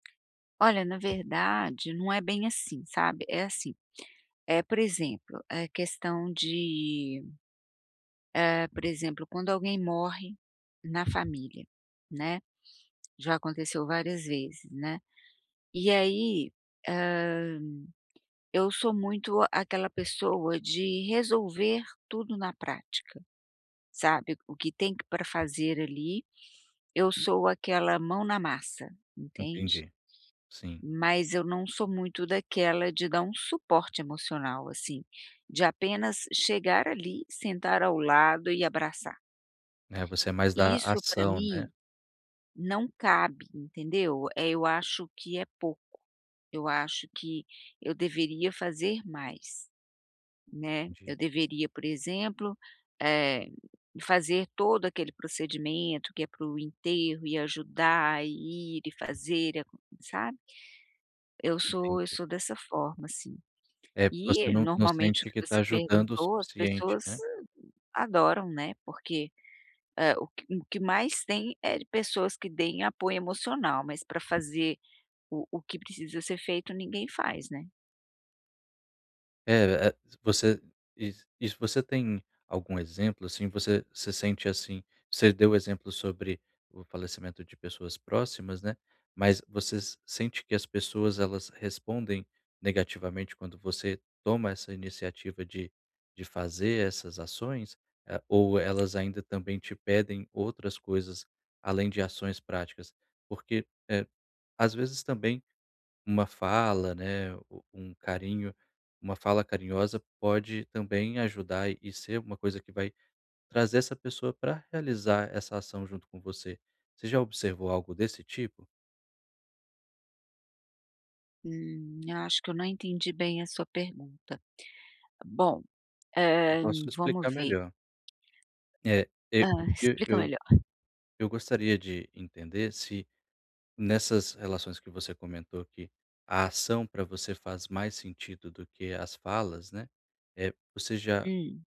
Olha, na verdade, não é bem assim, sabe? É assim, é por exemplo, a questão de hã, por exemplo, quando alguém morre na família, né. Já aconteceu várias vezes, né. E aí, hã, eu sou muito aquela pessoa de resolver tudo na prática, sabe? O que tem pra fazer ali, eu sou aquela mão na massa, entende? Entendi, sim. Mas eu não sou muito daquela de dar um suporte emocional, assim, de apenas chegar ali, sentar ao lado e abraçar. É você é mais da Isso, pra ação, né? mim, não cabe, entendeu? Eh, eu acho que é pouco, eu acho que eu deveria fazer mais, né. Entendi. Eu deveria, por exemplo, eh, fazer todo aquele procedimento que é para o enterro e ajudar, e ir e fazer, sabe? Eu sou eu Entendi. sou dessa forma, assim. É porque você E, não não normalmente, o sente que que tá você ajudando o perguntou, as suficiente, pessoas né? adoram, né, porque, hã, o que que mais tem é de pessoas que deem apoio emocional, mas pra fazer o o que precisa ser feito, ninguém faz, né? É é você você e e se você tem algum exemplo, assim? Você você sente, assim, você deu exemplos sobre o falecimento de pessoas próximas, né. Mas você sente que as pessoas, elas respondem negativamente quando você toma essa iniciativa de de fazer essas ações, eh, ou elas ainda também te pedem outras coisas, além de ações práticas? Porque, eh, às vezes, também uma fala, né, o um carinho, uma fala carinhosa pode também ajudar e ser uma coisa que vai trazer essa pessoa pra realizar essa ação junto com você. Você já observou algo desse tipo? Hum, acho que eu não entendi bem a sua pergunta. Bom, E eh, posso vamos explicar ver. melhor. É é Hã. o que Explica eu melhor. eu gostaria de entender se nessas relações que você comentou aqui, a ação pra você faz mais sentido do que as falas, né. Eh, você já Hum.